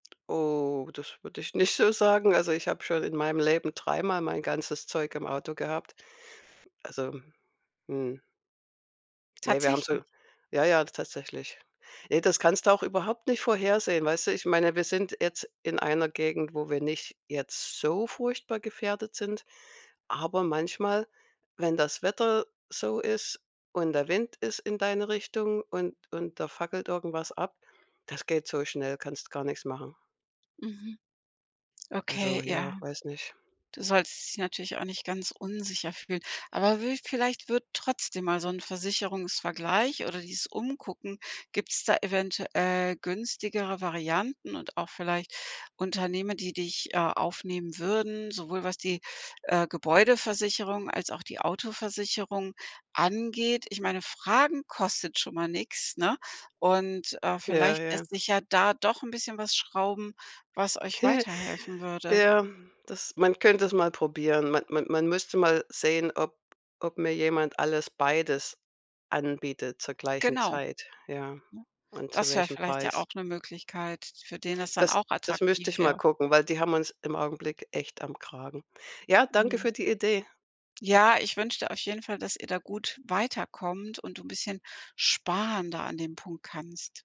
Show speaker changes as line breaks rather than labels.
Oh, das würde ich nicht so sagen. Also, ich habe schon in meinem Leben dreimal mein ganzes Zeug im Auto gehabt. Also, mhm. Ne, wir haben
Tatsächlich.
so ja, ja, tatsächlich. Ne, das kannst du auch überhaupt nicht vorhersehen, weißt du? Ich meine, wir sind jetzt in einer Gegend, wo wir nicht jetzt so furchtbar gefährdet sind, aber manchmal, wenn das Wetter so ist und der Wind ist in deine Richtung und und da fackelt irgendwas ab, das geht so schnell, kannst gar nix machen.
Mhm, okay,
Also
ja.
ja, weiß nicht.
Du solltest dich natürlich auch nicht ganz unsicher fühlen, aber wü vielleicht wird trotzdem mal so 'n Versicherungsvergleich oder dieses umgucken gibt's da eventuell günstigere Varianten und auch vielleicht Unternehmer, die dich, äh, aufnehmen würden, sowohl was die, äh, Gebäudeversicherung als auch die Autoversicherung angeht. Ich meine, fragen kostet schon mal nix, ne? Und, äh,
Ja,
vielleicht
ja.
lässt sich ja da doch 'n bisschen was schrauben, was euch weiterhelfen würde.
Ja, das man könnte es mal probieren. Ma man man müsste mal sehen, ob ob mir jemand alles beides anbietet zur gleichen
Genau,
Zeit, ja,
ne,
und zu
das wär
welchem
vielleicht ja
Preis.
auch 'ne Möglichkeit, für den es dann
Das
auch
das
attraktiv
müsste ich mal
wäre.
gucken, weil die haben uns im Augenblick echt am Kragen. Ja, danke
Mhm.
für die Idee.
Ja, ich wünsch dir auf jeden Fall, dass ihr da gut weiterkommt und du 'n bisschen sparen da an dem Punkt kannst.